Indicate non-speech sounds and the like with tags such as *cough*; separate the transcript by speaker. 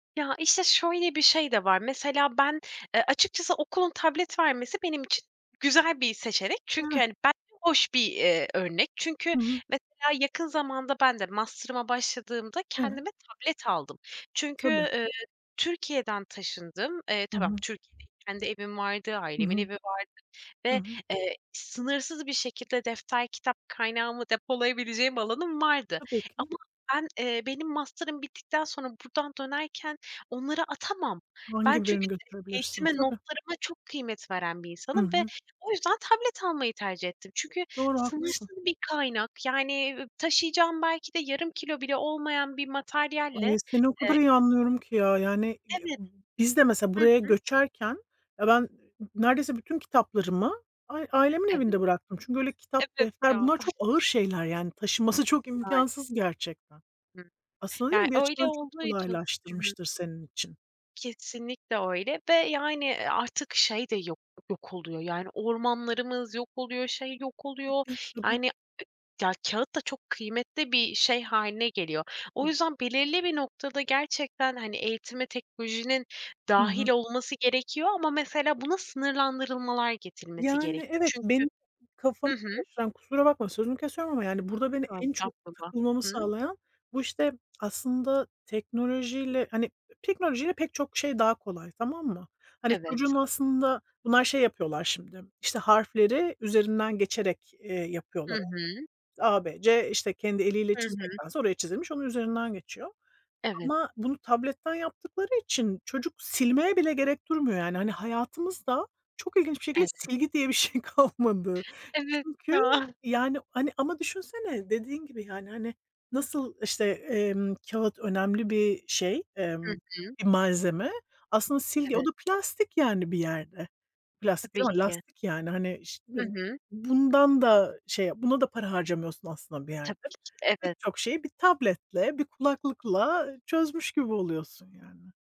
Speaker 1: Ya, işte, şöyle bir şey de var. Mesela ben, eee, açıkçası okulun tablet vermesi, benim için güzel bir seçenek. Çünkü
Speaker 2: Evet.
Speaker 1: hani, bence hoş bir, eee, örnek. Çünkü
Speaker 2: Hı hı.
Speaker 1: mesela yakın zamanda, ben de masterıma başladığımda,
Speaker 2: Evet.
Speaker 1: kendime tablet aldım. Çünkü,
Speaker 2: Tabii.
Speaker 1: eee, Türkiye'den taşındım. Eee,
Speaker 2: Hı
Speaker 1: tamam;
Speaker 2: hı.
Speaker 1: Türkiye'de kendi evim vardı,
Speaker 2: Hı
Speaker 1: ailemin
Speaker 2: hı.
Speaker 1: evi vardı
Speaker 2: Hı
Speaker 1: ve
Speaker 2: hı.
Speaker 1: eee, sınırsız bir şekilde defter, kitap kaynağımı depolayabileceğim alanım vardı.
Speaker 2: Tabii
Speaker 1: Ama
Speaker 2: ki.
Speaker 1: ben, eee, benim masterım bittikten sonra, buradan dönerken, onları atamam. Ben,
Speaker 2: Hangi
Speaker 1: çünkü
Speaker 2: birini götürebilirsin?
Speaker 1: eğitime,
Speaker 2: Tabii.
Speaker 1: notlarıma çok kıymet veren bir
Speaker 2: Hı
Speaker 1: insanım ve
Speaker 2: hı.
Speaker 1: o yüzden tablet almayı tercih ettim. Çünkü
Speaker 2: Doğru, haklısın.
Speaker 1: sınırsız bir kaynak; yani taşıyacağım belki de yarım kilo bile olmayan bir materyalle
Speaker 2: Ay, seni o
Speaker 1: eee
Speaker 2: kadar iyi anlıyorum ki ya. Yani, *unintelligible*
Speaker 1: Evet.
Speaker 2: b biz de mesela,
Speaker 1: Hı
Speaker 2: buraya
Speaker 1: hı.
Speaker 2: göçerken ya, ben n neredeyse bütün kitaplarımı a ailemin
Speaker 1: Evet.
Speaker 2: evinde bıraktım. Çünkü öyle kitap,
Speaker 1: Evet
Speaker 2: defter,
Speaker 1: ya.
Speaker 2: bunlar
Speaker 1: *chuckles*
Speaker 2: çok ağır şeyler. Yani, taşınması çok
Speaker 1: Maalesef.
Speaker 2: imkansız gerçekten.
Speaker 1: Hı.
Speaker 2: Aslında, değil
Speaker 1: Ya
Speaker 2: mi, bir
Speaker 1: öyle
Speaker 2: açıdan çok
Speaker 1: olduğu için Hı hı.
Speaker 2: kolaylaştırmıştır senin için.
Speaker 1: Kesinlikle, öyle ve yani; eee, artık şey de yok yok oluyor yani, ormanlarımız yok oluyor, şey yok oluyor.
Speaker 2: Tabii. Tabii.
Speaker 1: Yani, ya, kağıt da çok kıymetli bir şey hâline geliyor. O
Speaker 2: Tab
Speaker 1: yüzden belirli bir noktada gerçekten, hani, eğitime teknolojinin
Speaker 2: Hı
Speaker 1: dâhil
Speaker 2: hı.
Speaker 1: olması gerekiyor ama mesele buna sınırlandırılmalar getirilmesi
Speaker 2: Yani,
Speaker 1: gerekiyor.
Speaker 2: evet,
Speaker 1: Çünkü
Speaker 2: benim
Speaker 1: Hı
Speaker 2: kafamı
Speaker 1: hı.
Speaker 2: karıştıran: kusura bakma, sözünü kesiyorum ama yani, burada beni
Speaker 1: Yo,
Speaker 2: en çok
Speaker 1: estağfurullah.
Speaker 2: takılmamı
Speaker 1: Hıı
Speaker 2: sağlayan, bu işte aslında teknolojiyle hani, teknolojiyle pek çok şey daha kolay tamam mı? Hani,
Speaker 1: Evet.
Speaker 2: çocuğun aslında bunlar şey yapıyorlar şimdi; işte harfleri üzerinden geçerek, eee,
Speaker 1: Hı
Speaker 2: yapıyorlar.
Speaker 1: hı.
Speaker 2: İşte, A, B, C, işte kendi eliyle
Speaker 1: Hı hı.
Speaker 2: çizmektense oraya çizilmiş, onun üzerinden geçiyor.
Speaker 1: Evet.
Speaker 2: Ama bunu tabletten yaptıkları için, çocuk silmeye bile gerek duymuyor, yani. Hani, hayatımızda çok ilginç bir şekilde,
Speaker 1: Evet.
Speaker 2: silgi diye bir şey kalmadı.
Speaker 1: Evet,
Speaker 2: Çünkü,
Speaker 1: ya.
Speaker 2: yani, hani ama düşünsene, dediğin gibi yani, hani, nasıl işte, emm, kağıt önemli bir şey,
Speaker 1: Hı
Speaker 2: emm,
Speaker 1: hı.
Speaker 2: bir malzeme; aslında silgi o
Speaker 1: Evet.
Speaker 2: da plastik yani, bir yerde. Plastik
Speaker 1: Tabii
Speaker 2: değil ama
Speaker 1: ki.
Speaker 2: lastik yani. Hani şimdi
Speaker 1: Hı hı.
Speaker 2: bundan da şey, buna da para harcamıyorsun aslında bir
Speaker 1: Tabii
Speaker 2: yerde.
Speaker 1: ki de,
Speaker 2: Pek
Speaker 1: evet.
Speaker 2: çok şeyi bir tabletle, bir kulaklıkla çözmüş gibi oluyorsun yani.